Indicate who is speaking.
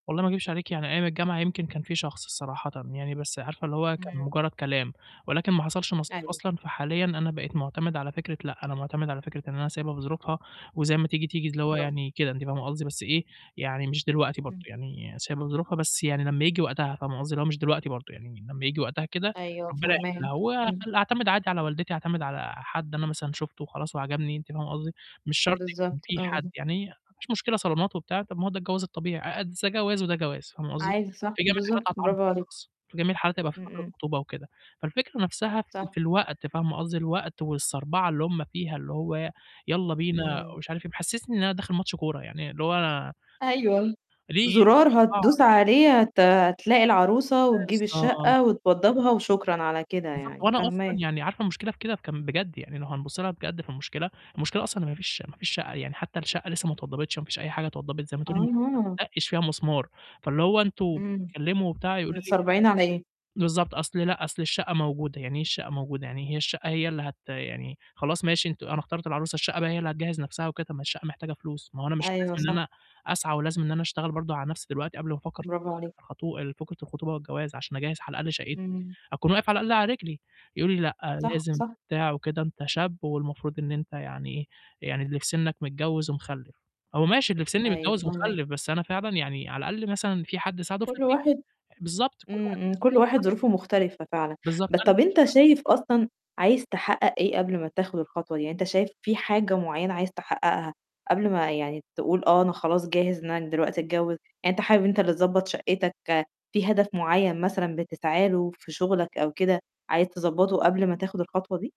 Speaker 1: والله ما أكدبش عليكِ، يعني أيام الجامعة يمكن كان في شخص صراحةً، يعني بس عارفة اللي هو كان
Speaker 2: إمم.
Speaker 1: مجرّد كلام، ولكن ما حصلش نصيب
Speaker 2: أيوه.
Speaker 1: أصلًا، فحاليًا أنا بقيت مُعتمد على فكرة، لأ، أنا مُعتمد على فكرة إن أنا سيابها بظروفها وزي ما تيجي، تيجي، اللي هو
Speaker 2: برافو.
Speaker 1: يعني كده أنتِ فاهمة قصدي، بس إيه، يعني مش دلوقتي برضه،
Speaker 2: إمم.
Speaker 1: يعني سايبها بظروفها بس، يعني لمّا ييجي وقتها فاهمة قصدي، اللي هو مش دلوقتي برضه، يعني لمّا ييجي وقتها كده
Speaker 2: أيوه
Speaker 1: ربّنا
Speaker 2: فهماك،
Speaker 1: يحلّها. هو
Speaker 2: إمم.
Speaker 1: أخل أعتمد عادي على والدتي، أعتمد على حد أنا مثلًا شُفته وخلاص وعجبني، أنتِ فاهمة قصدي، مش شرط يكون
Speaker 2: بالضبط،
Speaker 1: في
Speaker 2: آه.
Speaker 1: حد، يعني ما فيش مشكلة صالونات وبتاع، طَب ما هو ده الجواز الطبيعي، أأد ز ده جواز وده جواز، فاهمة قصدي،
Speaker 2: عايزة صح،
Speaker 1: في جميع الحالات
Speaker 2: بالضبط،
Speaker 1: [unintelligible]
Speaker 2: برافو عليك.
Speaker 1: في جميع الحالات هيبقى في
Speaker 2: إمم،
Speaker 1: فترة
Speaker 2: إمم.
Speaker 1: خطوبة وكده. فالفكرة نَفْسها في
Speaker 2: صح.
Speaker 1: في الوقت فاهمة قصدي، الوقت والصَربَعة اللي هُم فيها، اللي هو ي يالّا بينا
Speaker 2: إمم.
Speaker 1: ومش عارف إيه، بيحسّسني إن أنا داخل ماتش كورة، يعني اللي هو
Speaker 2: أيوه،
Speaker 1: ليه يعني
Speaker 2: زُرار
Speaker 1: الصربعة؟
Speaker 2: هتدوس عليه هت هتلاقي العروسة وتجيب
Speaker 1: بالضبط.
Speaker 2: الشَقّة وتوضّبها وشكرًا على كده
Speaker 1: بالضبط،
Speaker 2: يعني،
Speaker 1: وأنا أصلًا
Speaker 2: فهماك.
Speaker 1: يعني عارفة المشكلة في كده كان بجد، يعني لو هنبُص لها بجد في المشكلة، المشكلة أصلًا إن ما فيش ما فيش شَقّة، يعني حتى الشَقّة لسّه ما اتوضّبتش، ما فيش أي حاجة اتوضّبت، زي ما تقولي ما
Speaker 2: أها.
Speaker 1: اتدّقش فيها مسمار. فاللي هو: "أنتم
Speaker 2: إمم.
Speaker 1: بتتكلّموا وبتاع،" يقولوا لي
Speaker 2: متصربعين على إيه؟
Speaker 1: بالض بالضبط، "أصل لأ، أصل الشَقّة موجودة." "يعني إيه الشَقّة موجودة؟ يعني هي الشَقّة هي اللي هت يعني خلاص ماشي أنتم أنا اخترت العروسة، الشَقّة بقى هي اللي هتجهّز نَفْسها وكده؟ طب ما الشَقّة محتاجة فلوس، ما هو أنا مش
Speaker 2: أيوه،
Speaker 1: لازم إن
Speaker 2: صح.
Speaker 1: أنا أسعى ولازم إن أنا أشتغل برضه على نَفْسي دلوقتي، قبل ما أفكّر
Speaker 2: برافو عليك.
Speaker 1: في الخطو فكرة الخطوبة والجواز، عشان أجهّز على الأقل شَقّتي،
Speaker 2: إمم.
Speaker 1: أكون واقف على الأقل على رجلي؟" يقولوا لي: "لأ،
Speaker 2: صح،
Speaker 1: لازم
Speaker 2: صح.
Speaker 1: بتاع وكده، أنت شاب والمفروض إن أنت يعني إيه، يعني اللي في سِنّك متجوّز ومخلِّف." هو ماشي اللي في سِنّي
Speaker 2: أيوه
Speaker 1: متجوّز
Speaker 2: فهماك.
Speaker 1: ومخلِّف، بس أنا فعلًا يعني على الأقل مثلًا في حد ساعده في
Speaker 2: كل
Speaker 1: البيت،
Speaker 2: واحد
Speaker 1: بالضبط. كل
Speaker 2: إمم،
Speaker 1: واحد ليه
Speaker 2: إمم. كل واحد
Speaker 1: ظروفه [unintelligible]
Speaker 2: ظروفه مختلفة فعلًا،
Speaker 1: بالضبط،
Speaker 2: بس
Speaker 1: أنا
Speaker 2: طَب
Speaker 1: مش
Speaker 2: أنت
Speaker 1: ه
Speaker 2: شايف أصلًا عايز تحقّق إيه قبل ما تاخد الخطوة دي؟ يعني أنت شايف في حاجة معيّنة عايز تحقّقها قبل ما يعني تقول آه، أنا خلاص جاهز إن أنا دلوقتي أتجوّز؟ يعني أنت حابب أنت اللي تضبّط شَقّتك، في هدف معيّن مثلًا بتسعى له في شُغلك أو كده عايز تضبّطه قبل ما تاخد الخطوة دي؟